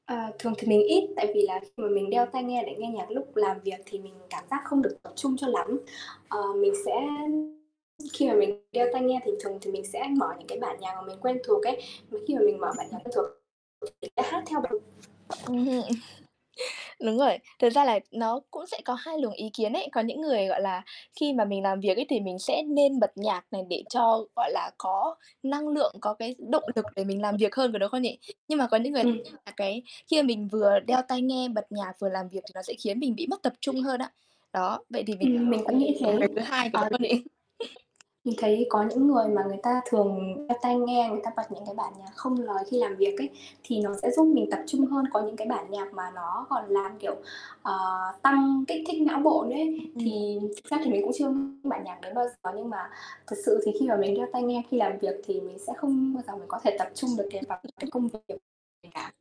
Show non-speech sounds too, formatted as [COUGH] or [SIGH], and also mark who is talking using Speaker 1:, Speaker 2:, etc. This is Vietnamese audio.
Speaker 1: Ờ, thường thì mình ít, tại vì là khi mà mình đeo tai nghe để nghe nhạc lúc làm việc thì mình cảm giác không được tập trung cho lắm. Ờ, mình sẽ khi mà mình đeo tai nghe thì thường thì mình sẽ mở những cái bản nhạc mà mình quen thuộc ấy. Mà khi mà mình mở bản nhạc
Speaker 2: Ừm.
Speaker 1: quen thuộc [UNINTELLIGIBLE] hát theo [UNINTELLIGIBLE]
Speaker 2: Ừm hưm Đúng rồi. Thực ra là nó cũng sẽ có 2 luồng ý kiến ấy. Có những người, gọi là, khi mà mình làm việc ấy, thì mình sẽ nên bật nhạc này để cho, gọi là, có năng lượng, có cái động lực để mình làm việc hơn, có đúng không nhỉ? Nhưng mà có những người
Speaker 1: Ừm nha.
Speaker 2: là cái khi mà mình vừa
Speaker 1: Ừm.
Speaker 2: đeo tai nghe bật nhạc vừa làm việc thì nó sẽ khiến mình bị mất tập trung hơn á. Đó, vậy thì mình,
Speaker 1: Ừm, mình cũng nghĩ
Speaker 2: kiểu,
Speaker 1: thế.
Speaker 2: người thứ 2, có đúng
Speaker 1: Ờ
Speaker 2: hông nhỉ? [CHUCKLES]
Speaker 1: Mình thấy có những người mà người ta thường đeo tai nghe, người ta bật những cái bản nhạc không lời khi làm việc ấy, thì nó sẽ giúp mình tập trung hơn. Có những cái bản nhạc mà nó còn làm, kiểu, ờ, tăng kích thích não bộ nữa ấy.
Speaker 2: Ừm.
Speaker 1: Thì thực ra mình cũng chưa bản nhạc đấy bao giờ. Nhưng mà thực sự thì khi mà mình đeo tai nghe khi làm việc thì mình sẽ không bao giờ mình có thể tập trung được cái vào cái
Speaker 2: [UNINTELLIGIBLE]
Speaker 1: công việc của mình cả.